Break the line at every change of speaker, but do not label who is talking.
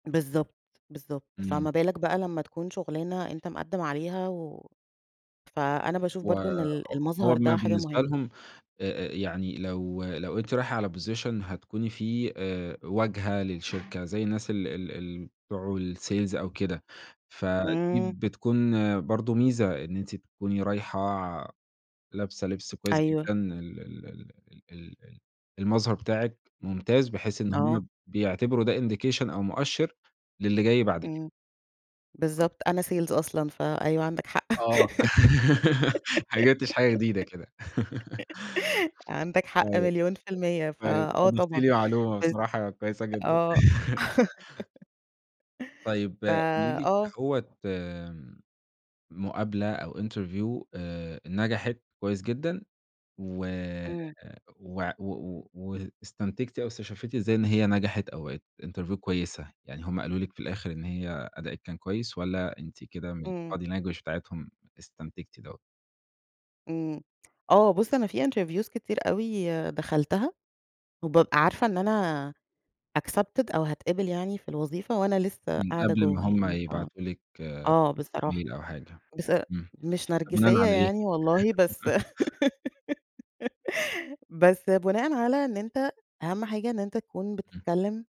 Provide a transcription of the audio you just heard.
بالضبط، بالضبط.
إمم.
فَما بالك بقى لمّا تكون شُغلانة أنت مقدّم عليها و فأنا باشوف
و
برضه إن
ه
ال
ه
المظهر
هم
ده حاجة
بالنسبة
مهمة.
لهُم أ أ يعني لو لو أنتِ رايحة على position هتكوني فيه آآ واجهة للشركة زي الناس ال ال الم بتوع الsales أو كده، فدي
إمم.
بتكون برضه ميزة إن أنتِ تكوني رايحة ع لابسة لبس كويس
أيوه.
جدًا ال ال ال ال ال المظهر بتاعكِ ممتاز بحيث إن هم
آه.
ب بيعتبروا ده indication أو مؤشّر للي جاي بعد كده.
إمم.
[unintelligible]
بالضبط. أنا sales أصلًا فأيوه عندك حق.
آه. ما جِبتش حاجة جديدة كده.
عندك حق
آيوه.
مليون في المِيّة،
كويس
فآه
أضفتي
طبعًا.
لي معلومة
بالض
بصراحة كويسة جدًا.
آه.
طيب،
ف
قولي ليِ
آه.
كدهوّة آمم مقابلة أو interview آآ نَجَحت كويس جدًا و
إمم.
وع و و واستنتجتِ أو استشفّيتِ إزاي إن هي نَجَحَت أو بَقِت interview كويسة؟ يعني هم قالوا لِك في الآخِر إن هي أداءكِ كان كويس والّا أنتِ كده من
إمم.
الbody language بتاعتهم استنتجتِ دوّة؟
إمم. آه. بُص، أنا في interviews كتير أوي دخلتها، وبابقى عارفة إن أنا accepted أو هاتقبل يعني في الوظيفة وأنا لسّه
من
قاعدة
قبل ما
جوّه
هم
يعني ف
يبعتوا لِك
آه بصراحة.
ميل أو حاجة،
بس
إمم.
مش
طب بناءً
نَرجسيّة
على إيه؟
يعني والله بس بس بناءً على إن أنت أهَم حاجة إن أنت تكون
إمم.
بتتكلّم.